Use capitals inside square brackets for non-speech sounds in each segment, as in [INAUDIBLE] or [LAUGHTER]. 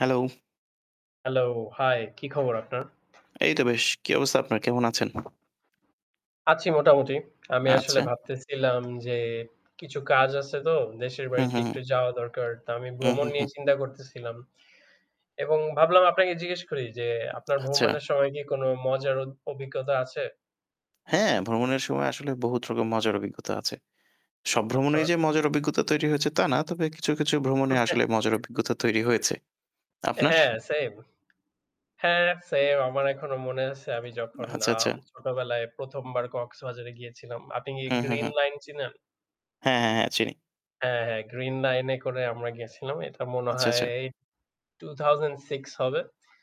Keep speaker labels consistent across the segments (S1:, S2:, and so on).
S1: Hello.
S2: Hello, হায় কি খবর আপনার?
S1: এই তো বেশ। কী অবস্থা আপনার? কেমন আছেন?
S2: আছি মোটামুটি। আমি আসলে
S1: আচ্ছা।
S2: ভাবতেছিলাম যে কিছু কাজ আছে তো দেশের
S1: হু,
S2: বাড়িতে
S1: হু, হু।
S2: একটু যাওয়া দরকার। তো আমি
S1: হু,
S2: ভ্রমণ
S1: হু, হু।
S2: নিয়ে চিন্তা করতেছিলাম। এবং ভাবলাম আপনাকে জিজ্ঞেস করি যে আপনার
S1: আচ্ছা।
S2: ভ্রমণের সময় কি কোনো মজার অ অভিজ্ঞতা আছে?
S1: হ্যাঁ, ভ্রমণের সময় আসলে বহুতরকম মজার অভিজ্ঞতা আছে। সব
S2: আচ্ছা।
S1: ভ্রমণেই যে মজার অভিজ্ঞতা তৈরি হয়েছে তা না। তবে কিছু কিছু ভ্রমণে
S2: [CHUCKLES]
S1: আসলে মজার অভিজ্ঞতা তৈরি হয়েছে।
S2: অ্যা
S1: আপনার?
S2: হ্যাঁ, সেইম। হ্যাঁ, সেইম আমার এখনো মনে আছে আমি যখন
S1: আচ্ছা, আচ্ছা।
S2: আম ছোটবেলায় ১ম বার কক্সবাজারে গিয়েছিলাম। আপনি কি
S1: হু, হু,
S2: গ্রিন
S1: হু।
S2: লাইন চিনেন?
S1: হ্যাঁ, হ্যাঁ, হ্যাঁ, চিনি।
S2: হ্যাঁ, হ্যাঁ, গ্রিন লাইন এ করে আমরা গেছিলাম। এটা মনে
S1: আচ্ছা,
S2: হয়
S1: আচ্ছা।
S2: 2006 হবে।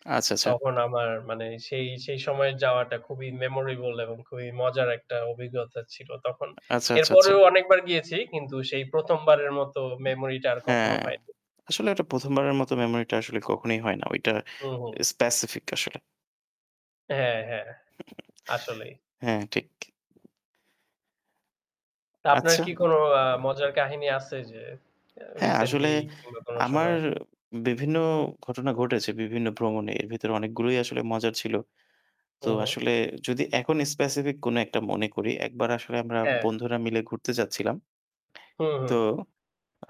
S1: আচ্ছা, আচ্ছা।
S2: তখন আমার মানে সেই সেই সময়ের যাওয়াটা খুবই মেমোরেবল এবং খুবই মজার একটা অভিজ্ঞতা ছিল তখন।
S1: আচ্ছা, আচ্ছা, আচ্ছা।
S2: এরপরেও অনেকবার গিয়েছি কিন্তু সেই ১ম বারের মত মেমোরি টা আর কখনো
S1: হ্যাঁ।
S2: হয়নি।
S1: আসলে এটা ১ম বারের মত মেমোরিটা আসলে কখনোই হয় না। ওইটা
S2: হুম, হুম।
S1: স্পেসিফিক আসলে।
S2: হ্যাঁ, হ্যাঁ। আসলেই।
S1: [CHUCKLES] হ্যাঁ, ঠিক।
S2: তো আপনার
S1: আচ্ছা।
S2: কি কোনো আ মজার কাহিনী আছে যে
S1: হ্যাঁ,
S2: রিসেন্টলি
S1: আসলে
S2: কিংবা কোন
S1: আমার
S2: সময়?
S1: বিভিন্ন ঘটনা ঘটেছে বিভিন্ন ভ্রমণে। এর ভেতরে অনেকগুলোই আসলে মজার ছিল।
S2: হু,
S1: তো
S2: হু।
S1: আসলে যদি এখন স্পেসিফিক কোনো একটা মনে করি একবার আসলে আমরা
S2: হ্যাঁ।
S1: বন্ধুরা মিলে ঘুরতে যাচ্ছিলাম
S2: হুম,
S1: [SMACKS LIPS] তো
S2: হুম।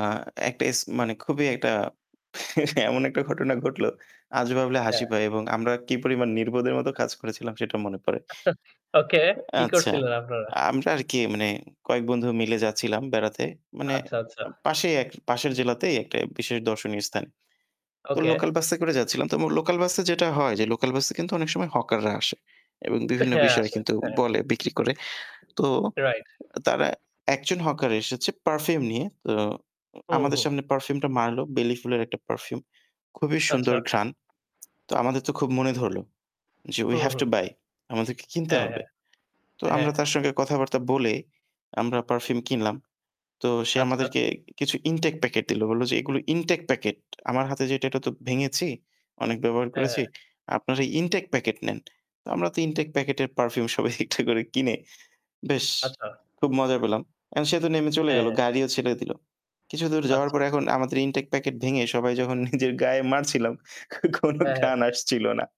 S1: আ একটা এস মানে খুবই একটা এমন একটা ঘটনা ঘটলো আজ ভাবলে হাসি
S2: হ্যাঁ।
S1: পায় এবং আমরা কি পরিমাণ নির্বোধের মত কাজ করেছিলাম সেটা মনে পড়ে।
S2: [CHUCKLES] ওকে
S1: অ্যা
S2: কি
S1: আচ্ছা,
S2: করছিলেন আপনারা?
S1: আমরা আর কি মানে কয়েক বন্ধু মিলে যাচ্ছিলাম বেড়াতে। মানে
S2: আচ্ছা, আচ্ছা।
S1: আ পাশেই পাশের জেলাতেই একটা বিশেষ দর্শনীয় স্থান। তো
S2: ওকে।
S1: লোকাল বাসে করে যাচ্ছিলাম। লোকাল বাসে যেটা হয় যে লোকাল বাসে কিন্তু অনেক সময় হকাররা আসে এবং বিভিন্ন
S2: হ্যাঁ,
S1: বিষয়
S2: আসে হ্যাঁ।
S1: বলে বিক্রি করে। তো
S2: রাইট।
S1: তারা একজন হকার এসেছে পারফিউম নিয়ে। তো
S2: হুম,
S1: আমাদের
S2: হুম।
S1: সামনে পারফিউম টা মারলো বেলি ফুলের একটা পারফিউম। খুবই
S2: আচ্ছা।
S1: সুন্দর ঘ্রাণ। তো আমাদের তো খুব মনে ধরল যে we
S2: hmm,
S1: have
S2: hmm.
S1: To buy আমাদেরকে কিনতে
S2: হ্যাঁ, হ্যাঁ,
S1: হবে। তো
S2: হ্যাঁ।
S1: আমরা তার সঙ্গে কথাবার্তা বলে আমরা পারফিউম কিনলাম। তো সে
S2: আচ্ছা।
S1: আমাদেরকে কিছু ইনটেক প্যাকেট দিল। বলল যে এগুলো ইনটেক প্যাকেট। আমার হাতে যেটা এটা তো ভেঙেছি, অনেক ব্যবহার
S2: হ্যাঁ, হ্যাঁ।
S1: করেছি। আপনারা ইনটেক প্যাকেট নেন। আমরা তো ইনটেক প্যাকেটের পারফিউম সবাই একটা করে কিনে বেশ
S2: আচ্ছা।
S1: খুব মজা পেলাম। অ্যা সে তো নেমে চলে গেল।
S2: হ্যাঁ।
S1: গাড়িও ছেড়ে দিল। কিছুদূর যাওয়ার
S2: আচ্ছা,
S1: পর
S2: আচ্ছা।
S1: এখন আমাদের ইনটেক প্যাকেট ভেঙে সবাই যখন নিজের গায়ে মারছিলাম কোনো
S2: হ্যাঁ, হ্যাঁ।
S1: ঘ্রাণ আসছিল না।